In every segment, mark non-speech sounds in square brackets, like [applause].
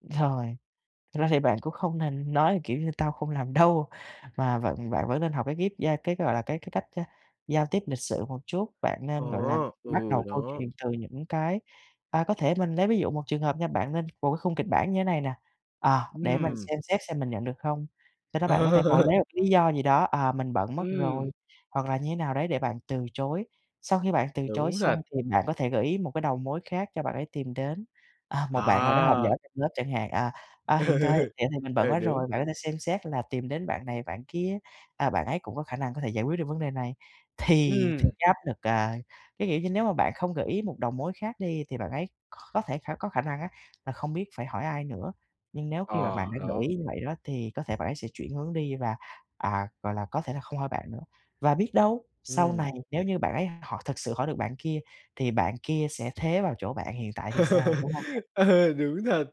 Rồi, thực ra thì bạn cũng không nên nói, kiểu như: "Tao không làm đâu" mà vận bạn vẫn nên học cái ghép gia cái, gọi là, cái cái cách, a, giao tiếp lịch sự một chút. Bạn Ờ, nên, gọi là, bắt ừ, đầu câu đó. chuyện từ những cái à, có thể mình lấy ví dụ một trường hợp nha, bạn nên vụ cái khung kịch bản như này nè: "À, để mình Ừm. xem xét xem mình nhận được không?" Sau đó bạn có thể ngồi Ờ. lấy lý do gì đó, à, "Mình bận mất Ừm. rồi" hoặc là như nào đấy để bạn từ chối. Sau khi bạn từ chối Đúng thật. xong thì bạn có thể gợi ý một cái đầu mối khác cho bạn ấy tìm đến. À, một bạn nào đó học À! giỏi trong lớp chẳng hạn, à, "À, Ừ, hiện tại vậy thì mình bận ừ, quá đúng. rồi. Bạn có thể xem xét là tìm đến bạn này, bạn kia, à, bạn ấy cũng có khả năng có thể giải quyết được vấn đề này." Thì [blows air] thì Ừm. cái áp lực, à cái, kiểu như, nếu mà bạn không gợi ý một đầu mối khác đi thì bạn ấy kh có thể khả có khả năng á là không biết phải hỏi ai nữa. Nhưng nếu khi mà Ờ, bạn đã gợi đó. ý như vậy đó thì có thể bạn ấy sẽ chuyển hướng đi và, à, gọi là, có thể là không hỏi bạn nữa. Và biết đâu, sau Ừm. này nếu như bạn ấy họ thực sự hỏi được bạn kia thì bạn kia sẽ thế vào chỗ bạn hiện tại thì sao, đúng hông nè. [laughs] Ờ, đúng thật.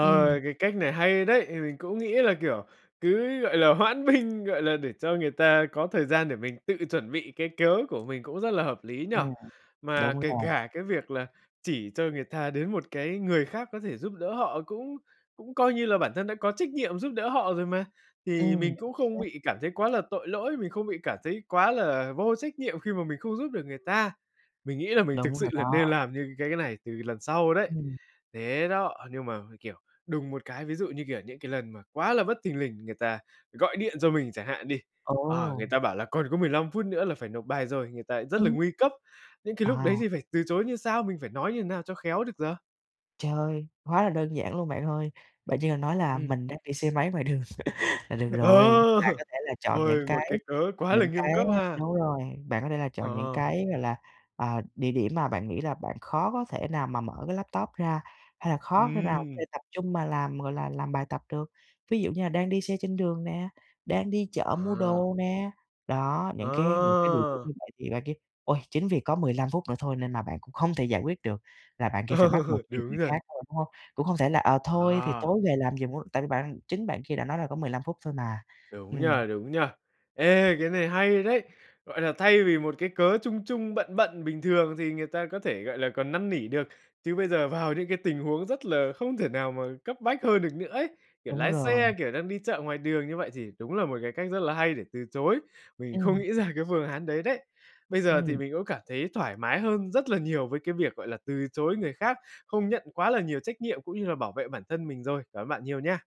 Ừm. cái cách này hay đấy, thì mình cũng nghĩ là, kiểu, cứ, gọi là, hoãn binh, gọi là, để cho người ta có thời gian để mình tự chuẩn bị cái cớ của mình cũng rất là hợp lý nhỉ? [unintelligible] Mà đúng kể rồi. cả cái việc là chỉ cho người ta đến một cái người khác có thể giúp đỡ họ cũng cũng coi như là bản thân đã có trách nhiệm giúp đỡ họ rồi mà. Thì Ừm, mình chính cũng không xác. bị cảm thấy quá là tội lỗi, mình không bị cảm thấy quá là vô trách nhiệm khi mà mình không giúp được người ta. Mình nghĩ là mình thực Đúng sự rồi là nên đó. làm như cái cái này từ lần sau đấy. Ừm. Thế đó, nhưng mà, mình, kiểu, đùng một cái, ví dụ như, kiểu, những cái lần mà quá là bất thình lình, người ta gọi điện cho mình chẳng hạn đi, ờ, Ồ! người ta bảo là còn có 15 phút nữa là phải nộp bài rồi, người ta rất là Ừm. nguy cấp. Những cái lúc đấy À. thì phải từ chối như sao, mình phải nói như nào cho khéo được giờ? Trời! Quá là đơn giản luôn bạn ơi. Bạn chỉ cần nói là Ừm. mình đang đi xe máy ngoài đường [laughs] là được Ờ! rồi. Bạn có [laughs] thể là chọn những Ôi, một cái cái cớ quá là những nghiêm cái cấp á ha. đúng rồi, bạn có thể là Ờ, chọn những ờ. cái, gọi là, ờ, địa điểm mà bạn nghĩ là bạn khó có thể nào mà mở cái laptop ra hay là khó thể nào để Ừm. tập trung mà làm, gọi là, làm bài tập được. Ví dụ như là đang đi xe trên đường nè, đang đi chợ mua À. đồ nè, đó, những cái những cái địa điểm À! như vậy thì bạn kia, ôi, chính vì có 15 phút nữa thôi nên là bạn cũng không thể giải quyết được là bạn kia phải Ờ, bắt buộc tìm đúng người rồi. khác thôi, đúng hông? Cũng không thể là, ờ, thôi thì À. tối về làm giùm [unintelligible] tại vì bạn chính bạn kia đã nói là có 15 phút thôi mà, Đúng nhỉ, ừm. đúng nhỉ? Ê, cái này hay đấy, gọi là, thay vì một cái cớ chung chung, bận bận bình thường thì người ta có thể, gọi là, còn năn nỉ được, chứ bây giờ vào những cái tình huống rất là không thể nào mà cấp bách hơn được nữa ấy. Kiểu, Đúng lái rồi. xe, kiểu, đang đi chợ ngoài đường như vậy thì đúng là một cái cách rất là hay để từ chối, mình không Ừm. nghĩ ra cái phương án đấy đấy. Bây giờ thì Ừm. mình cũng cảm thấy thoải mái hơn rất là nhiều với cái việc, gọi là, từ chối người khác, không nhận quá là nhiều trách nhiệm cũng như là bảo vệ bản thân mình rồi. Cảm ơn bạn nhiều nha.